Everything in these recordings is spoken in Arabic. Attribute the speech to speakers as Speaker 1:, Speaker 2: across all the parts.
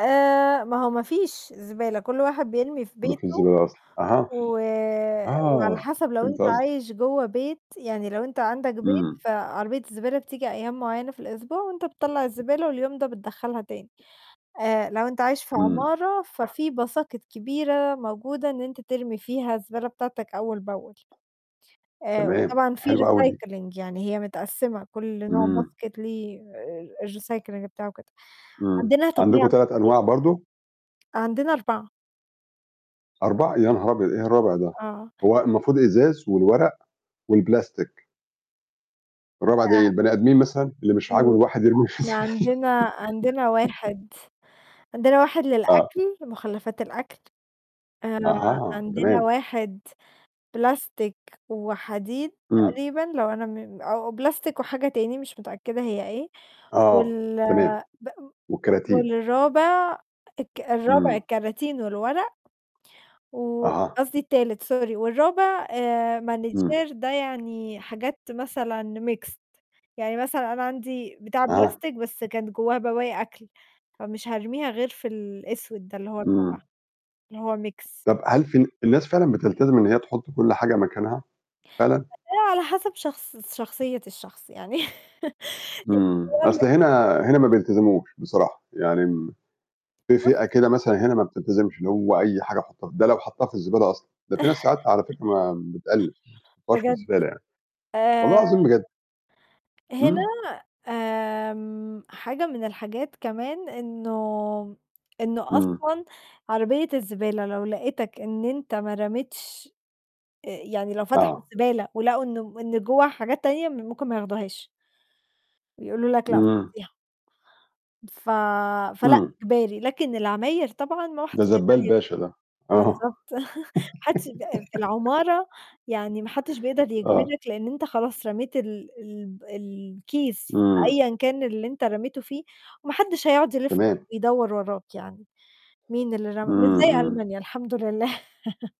Speaker 1: آآ ما هو ما فيش زبالة، كل واحد بيرمي في
Speaker 2: ما فيش
Speaker 1: بيته
Speaker 2: زبالة أصلًا. أها.
Speaker 1: و وعلى
Speaker 2: آه،
Speaker 1: حَسَب لو أنت
Speaker 2: فهمت قصدِك.
Speaker 1: عايش جوّأ بيت يعني لو أنت عندك بيت،
Speaker 2: إمم.
Speaker 1: فعربية الزبالة بتيجي أيام معيّنة في الأسبوع وأنت بتطلَّع الزبالة واليوم ده بتدخَّلها تاني. آآ لو أنت عايش في
Speaker 2: إمم.
Speaker 1: عمارة، ففي باساكِت كبيرة موجودة إن أنت ترمي فيها الزبالة بتاعتك أول بأول. آآ
Speaker 2: تمام،
Speaker 1: وطبعًا فيه
Speaker 2: حلوة أوي دي.
Speaker 1: recycling، يعني هي متقسِّمة كل نوع
Speaker 2: إمم.
Speaker 1: باسكيت ليه آآ الrecycling بتاعه وكده.
Speaker 2: إمم.
Speaker 1: عندنا
Speaker 2: عندكم
Speaker 1: طبيعة
Speaker 2: 3
Speaker 1: كتير.
Speaker 2: أنواع برضه؟
Speaker 1: عندنا 4
Speaker 2: 4 يا نهار أبيض! إيه الرابع ده؟
Speaker 1: آه.
Speaker 2: هو المفروض إزاز والورق والبلاستيك. الرابع ده إيه؟
Speaker 1: أع
Speaker 2: البني آدمين مثلًا، اللي مش
Speaker 1: إمم،
Speaker 2: عاجبه
Speaker 1: لأ،
Speaker 2: الواحد يرميه في
Speaker 1: إحنا
Speaker 2: الزبالة.
Speaker 1: عندنا عندنا واحد عندنا واحد
Speaker 2: آه.
Speaker 1: للأكل، مُخلَّفات الأكل. آآ
Speaker 2: أها،
Speaker 1: عندنا
Speaker 2: تمام.
Speaker 1: واحد بلاستيك وحديد
Speaker 2: إمم.
Speaker 1: تقريبًا لو أنا م أو بلاستيك وحاجة تاني مش متأكدة هي إيه
Speaker 2: آه،
Speaker 1: وال
Speaker 2: تمام.
Speaker 1: بأ
Speaker 2: والكراتين.
Speaker 1: والرابع الك الرابع
Speaker 2: إمم.
Speaker 1: الكراتين والورق و
Speaker 2: أها.
Speaker 1: قصدي التالت سوري، والرابع آآ
Speaker 2: إمم.
Speaker 1: manager ده يعني حاجات مثلًا mixed. يعني مثلًا أنا عندي بتاع
Speaker 2: أها.
Speaker 1: بلاستيك، بس كانت جوّاه بواقي أكل، فمش هارميها غير في الأسود ده اللي هو
Speaker 2: إمم.
Speaker 1: الرابع، اللي هو mix.
Speaker 2: طَب هل فال الناس فعلًا بتلتزم إن هي تحُط كل حاجة مكانها؟ فعلًا؟
Speaker 1: [unintelligible] على حَسَب شخص شخصية الشخص، يعني
Speaker 2: إمم.
Speaker 1: [unintelligible]
Speaker 2: أصل هنا هنا ما بيلتزموش بصراحة. يعني م في
Speaker 1: بُص
Speaker 2: فئة كده مثلًا هنا ما بتلتزمش، اللي هو أي حاجة حُطّها، ده لو حَطّها في الزبالة أصلًا. ده فيه ناس ساعات على فكرة ما بتأل ما بتحُطّهاش في
Speaker 1: بجد.
Speaker 2: الزبالة يعني. والله
Speaker 1: آآ...
Speaker 2: العظيم بجد.
Speaker 1: هنا
Speaker 2: إمم.
Speaker 1: آمم حاجة من الحاجات كمان إنه إنه
Speaker 2: إمم.
Speaker 1: أصلًا عربية الزبالة لو لقتك إن أنت ما رميتش آآ يعني لو فتحوا
Speaker 2: آه.
Speaker 1: الزبالة ولقوا إنه إن جوّاها حاجات تانية، م ممكن ما ياخدوهاش. بيقولوا لك: "لأ
Speaker 2: إمم.
Speaker 1: فضّيها." ف فلأ
Speaker 2: إمم.
Speaker 1: إجباري، لكن العماير طبعًا ما
Speaker 2: ده
Speaker 1: حدش
Speaker 2: زبّال
Speaker 1: يقدر ي
Speaker 2: باشا ده. آه.
Speaker 1: بالضبط. ما حدّش ب في العمارة يعني ما حدّش بيقدر
Speaker 2: آه.
Speaker 1: يجبرك، لإن أنت خلاص رميت ال الب الكيس في
Speaker 2: إمم.
Speaker 1: أيًا كان اللي أنت رميته فيه وما حدّش هيقعُد يلِف
Speaker 2: تمام.
Speaker 1: ويدوَّر وراك يعني، مين اللي رمى؟
Speaker 2: إمم،
Speaker 1: مش زي
Speaker 2: إمم.
Speaker 1: ألمانيا الحمد لله.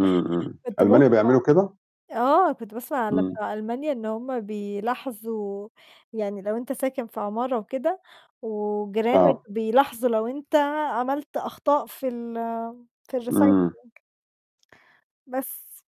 Speaker 2: إمم، إمم.
Speaker 1: كنت باسمع
Speaker 2: ألمانيا بيعملوا كده؟
Speaker 1: آه، كنت باسمع على
Speaker 2: إمم.
Speaker 1: بتوع ألمانيا إن هم بيلاحظوا يعني لو أنت ساكن في عمارة وكده وجيرانك
Speaker 2: آه.
Speaker 1: بيلاحظوا لو أنت عملت أخطاء في ال في الrecycling.
Speaker 2: إمم.
Speaker 1: بس.